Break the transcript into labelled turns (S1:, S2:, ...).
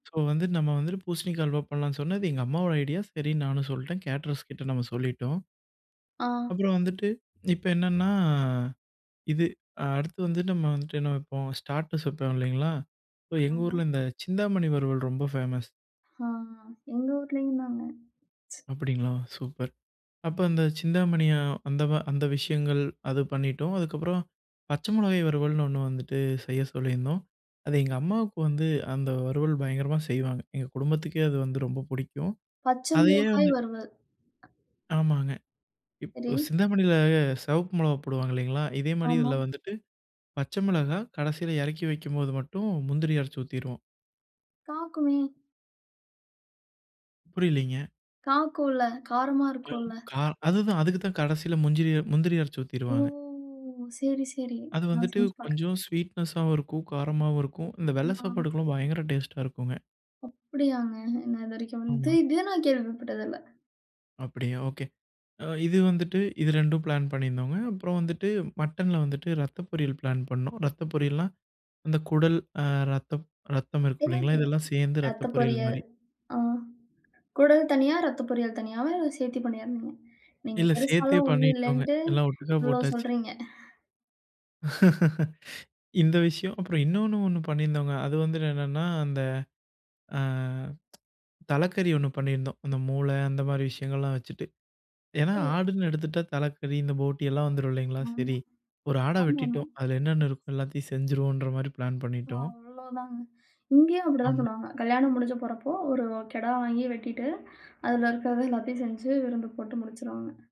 S1: So வந்துட்டு நம்ம வந்துட்டு பூசணிக்கா அல்வா பண்லாம்னு சொன்னது எங்க அம்மாவோட ஐடியா. சரி நானும் சொல்லிட்டேன். கேட்டரர்ஸ் கிட்ட நம்ம சொல்லிட்டோம்.
S2: ஆ.
S1: அப்புறம் வந்துட்டு இப்ப என்னன்னா இது அடுத்து வந்து நம்ம வந்துட்டு என்ன வப்போம்? ஸ்டார்ட்டர்ஸ் வப்போம் இல்லீங்களா? சோ எங்க
S2: ஆமா.
S1: ஊர்ல இந்தச் சிந்தாமணி வறுவல் ரொம்ப ஃபேமஸ்
S2: ஆ, எங்க ஊர்லயும் தாங்க.
S1: அப்டிங்களா? சூப்பர். அப்போ அந்தச் சிந்தாமணிய அந்த அந்த விஷயங்கள் அது பண்ணிட்டோம். அதுக்கப்றம் பச்ச மிளகாய் வறுவல்ன்னு ஒண்ணு வந்துட்டு செய்யச் சொல்லிருந்தோம். அது எங்க அம்மாவுக்கு வந்து, அந்த வறுவல் பயங்கரமா செய்வாங்க. எங்க குடும்பத்துக்கே அது வந்து ரொம்ப புடிக்கும்.
S2: பச்ச
S1: அதயே
S2: மிளகாய்
S1: வந்து
S2: வறுவல்.
S1: ஆமாங்க.
S2: சரி.
S1: இப்ப சிந்தாமணில செவப்பு மிளகாய் போடுவாங்க இல்லீங்களா? இதே மாரி
S2: ஆமா.
S1: இதுல வந்துட்டு பச்ச மெளகா கடைசில எறக்கி வைக்கும்போது மட்டும் முந்திரி அரச்சு ஊத்திருவோம்.
S2: காக்குமே
S1: புரியலைங்க.
S2: காக்குல்ல. காரமா இருக்கும்ல.
S1: கா அதுதான் அதுக்குதான் கடைசில முந்திரி முந்திரிய அரச்சி
S2: ஓ,
S1: ஊத்திருவாங்க.
S2: சரி, சரி.
S1: அது
S2: நான்
S1: வந்துட்டு
S2: செஞ்சு பாக்குறேன்.
S1: கொஞ்சம் ஸ்வீட்நெஷாவும் இருக்கும், காரமாவும் இருக்கும். இந்த வெள்ள
S2: ஆமா.
S1: சாப்பாட்டுக்கு பயங்கர டேஸ்டா இருக்குங்க.
S2: அப்படியாங்க? என்ன இதுவரைக்கும். நா
S1: ஆமா.
S2: இது இது நான் கேள்விப்பட்டதில்ல.
S1: அப்படியா, ஓகே. அ இது வந்துட்டு இது 2டும் பிளான் பண்ணிருந்தோங்க. அப்பறம் வந்துட்டு, மட்டன்ல வந்துட்டு ரத்த பொரியல் பிளான் பண்ணோம். ரத்த பொரியல்னா, அந்தக் குடல் அ ரத்தம் ரத்தம், இருக்கும்
S2: தெரியும்,
S1: இல்லீங்களா,
S2: தெரியும்.
S1: இதெலாம் சேந்து ரத்த
S2: ரத்த
S1: பொரியல்
S2: பொரியல்.
S1: மாரி.
S2: ஆ. கொடல் தனியா, ரத்த பொரியல் தனியாவா இல்ல சேத்து பண்றதா. இங்க
S1: இல்ல
S2: பெருசா
S1: சேத்தே
S2: ஒண்ணும்
S1: பண்ணிட்டோங்க.
S2: இல்லைன்ட்டு
S1: எல்லாம் ஒட்டுக்க
S2: இவ்ளோ
S1: போட்டாச்சு.
S2: சொல்றீங்க.
S1: இந்த விஷயம் அப்புறம் இன்னொன்னு ஒண்ணு பண்ணிருந்தோங்க. அது வந்து என்னன்னா அந்த அ தலக்கறி ஒண்ணு பண்ணிருந்தோம், அந்த மூளை அந்த மாரி விஷயங்கள்லாம் வச்சுட்டு. ஏன்னா
S2: ஓ.
S1: ஆடுன்னு எடுத்துட்டா தலக்கறி, இந்த போட்டி எல்லாம் வந்துரும் இல்லீங்களா?
S2: ஓ.
S1: சரி ஒரு ஆட
S2: ஆமாமா.
S1: வெட்டிட்டோம் அது என்னென்ன இருக்கோ எல்லாத்தயும் செஞ்சிருவோம்ன்ற மாரி பிளான் பண்ணிட்டோம்.
S2: அவ்ளோதாங்க. இங்கேயும் அப்டித்தான்
S1: ஆமா.
S2: பண்ணுவாங்க. கல்யாணம் முடிஞ்சு போறப்போ, ஒரு கெடா வாங்கி வெட்டிட்டு அதுல இருக்கிறத எல்லாத்தயும் செஞ்சு விருந்து போட்டு முடிச்சிருவாங்க.